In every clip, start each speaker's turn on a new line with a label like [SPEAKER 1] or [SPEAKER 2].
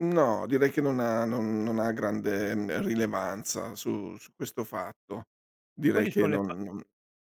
[SPEAKER 1] No, direi che non ha non non ha grande n rilevanza su su questo fatto.
[SPEAKER 2] E
[SPEAKER 1] Direi
[SPEAKER 2] quali
[SPEAKER 1] che
[SPEAKER 2] sono le pa
[SPEAKER 1] non non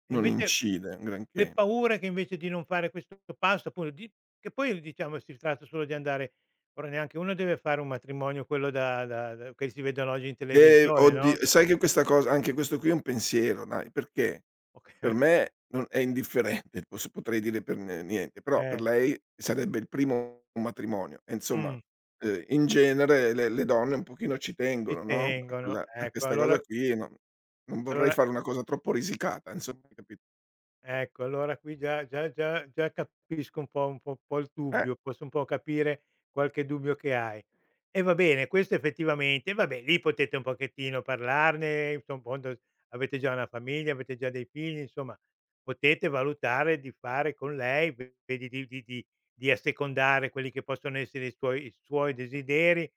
[SPEAKER 2] e
[SPEAKER 1] non
[SPEAKER 2] invece l
[SPEAKER 1] incide un
[SPEAKER 2] le
[SPEAKER 1] granché.
[SPEAKER 2] paure che invece di non fare questo passo paura di che poi diciamo si tratta solo di andare ora neanche uno deve fare un matrimonio quello da da da che si vedono oggi in
[SPEAKER 1] Eh,
[SPEAKER 2] televisione
[SPEAKER 1] oddi
[SPEAKER 2] no?
[SPEAKER 1] sai che questa cosa anche questo qui è un pensiero dai, perché
[SPEAKER 2] Oc
[SPEAKER 1] per me non è indifferente pos potrei dire per n niente, però per
[SPEAKER 2] Eh.
[SPEAKER 1] lei sarebbe il primo matrimonio e insomma,
[SPEAKER 2] Mh.
[SPEAKER 1] uhm, in genere le le donne un pochino ci
[SPEAKER 2] Ci
[SPEAKER 1] tengono, no, a
[SPEAKER 2] tengono,
[SPEAKER 1] quella a
[SPEAKER 2] ecco,
[SPEAKER 1] questa cosa
[SPEAKER 2] allora
[SPEAKER 1] qui, e non non vorrei
[SPEAKER 2] allora.
[SPEAKER 1] fare una cosa troppo risicata insomma, hai capit
[SPEAKER 2] Ecco allora qui già già già già capisco un po' un po' un po' il
[SPEAKER 1] Eh.
[SPEAKER 2] dubbio, posso un po' capire qualche dubbio che hai. E va bene questo effettivamente vabbè lì potete un pochettino parlarne, infondo avete già una famiglia, avete già dei figli, insomma potete valutare di fare con lei vedi di di -di assecondare quelli che possono essere i suoi i suoi desideri,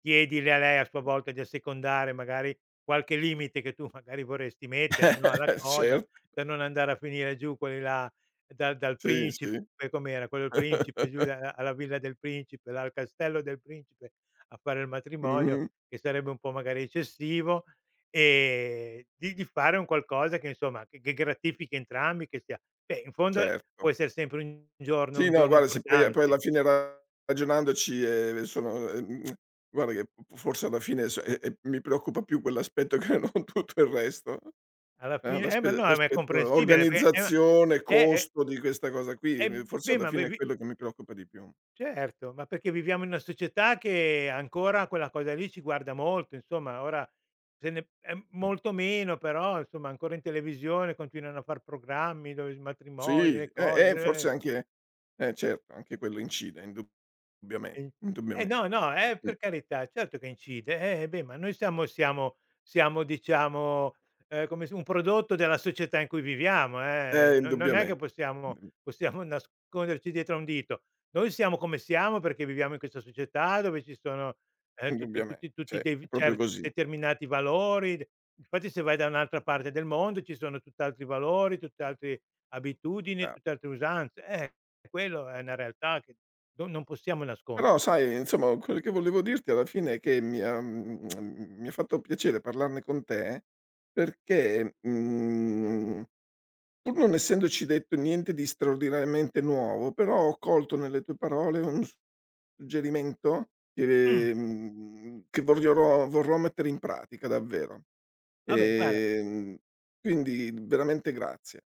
[SPEAKER 2] chiedile a lei a sua volta di assecondare magari qualche limite, che tu magari vorresti mettere, no, alla cosa,
[SPEAKER 1] Cert
[SPEAKER 2] per non andare a finire giù quelli là dal dal
[SPEAKER 1] Sì,
[SPEAKER 2] principe
[SPEAKER 1] sì.
[SPEAKER 2] com'era quello del principe giù alla villa del principe la dal castello del principe a fare il matrimonio,
[SPEAKER 1] Mh-mh.
[SPEAKER 2] che sarebbe un po' magari eccessivo, e di di fare un qualcosa che insomma, che gratifichi entrambi che sia beh in fondo può
[SPEAKER 1] Certo.
[SPEAKER 2] essere sempre un giorno
[SPEAKER 1] Sì,
[SPEAKER 2] un
[SPEAKER 1] no
[SPEAKER 2] giorno
[SPEAKER 1] guarda se poi poi
[SPEAKER 2] importante.
[SPEAKER 1] alla fine ragionandoci, eh, sono uhm, guarda che f forse alla fine, ehm, eh, mi preoccupa più quell'aspetto che non tutto il resto.
[SPEAKER 2] Alla
[SPEAKER 1] Ah
[SPEAKER 2] fine eh ma
[SPEAKER 1] l'aspe
[SPEAKER 2] no, ma è
[SPEAKER 1] l'aspetto
[SPEAKER 2] comprensibile, eh ma,
[SPEAKER 1] organizzazione,
[SPEAKER 2] eh
[SPEAKER 1] costo, di questa cosa qui,
[SPEAKER 2] Eh,
[SPEAKER 1] forse
[SPEAKER 2] beh,
[SPEAKER 1] alla
[SPEAKER 2] ma ve
[SPEAKER 1] fine è
[SPEAKER 2] vi
[SPEAKER 1] quello che mi preoccupa di più.
[SPEAKER 2] Certo, ma perché viviamo in una società, che ancora quella cosa lì ci guarda molto, insomma. Ora se ne p
[SPEAKER 1] Mh.
[SPEAKER 2] molto meno, però insomma ancora in televisione continuano a far programmi, dove s matrimoni,
[SPEAKER 1] Sì,
[SPEAKER 2] le
[SPEAKER 1] eh, eh,
[SPEAKER 2] cose, eh.
[SPEAKER 1] forse anche eh, certo anche quello incide indubbiamente,
[SPEAKER 2] Eh,
[SPEAKER 1] indubbiamente,
[SPEAKER 2] no, no, eh,
[SPEAKER 1] mh.
[SPEAKER 2] per carità certo che incide. Eh beh, ma noi siamo siamo siamo diciamo, uhm, come s un prodotto della società in cui viviamo, eh,
[SPEAKER 1] Eh,
[SPEAKER 2] no non è che
[SPEAKER 1] indubbiamente,
[SPEAKER 2] possiamo
[SPEAKER 1] mh.
[SPEAKER 2] possiamo nasconderci dietro a un dito. Noi siamo come siamo, perché viviamo in questa società dove ci sono, uhm, tutti
[SPEAKER 1] Indubbiamente,
[SPEAKER 2] tutt-i tutti
[SPEAKER 1] cioè è
[SPEAKER 2] de
[SPEAKER 1] proprio
[SPEAKER 2] cer
[SPEAKER 1] così.
[SPEAKER 2] determinati valori. Infatti se vai da un'altra parte del mondo ci sono tutt'altri valori, tutt'altri abitudini,
[SPEAKER 1] Bra
[SPEAKER 2] tutt'altre usanze. Eh, quello è una realtà, che no non possiamo nascondere.
[SPEAKER 1] Però sai insomma quello che volevo dirti alla fine, è che mi ha, mhmm, mi ha fatto piacere parlarne con te perché mhmm, pur non essendoci detto niente di straordinariamente nuovo, però ho colto nelle tue parole un s suggerimento
[SPEAKER 2] Mh.
[SPEAKER 1] che, mhmm, che vogliono vorrò mettere in pratica davvero.
[SPEAKER 2] Vabbè, guarda
[SPEAKER 1] Ehm, quindi veramente grazie.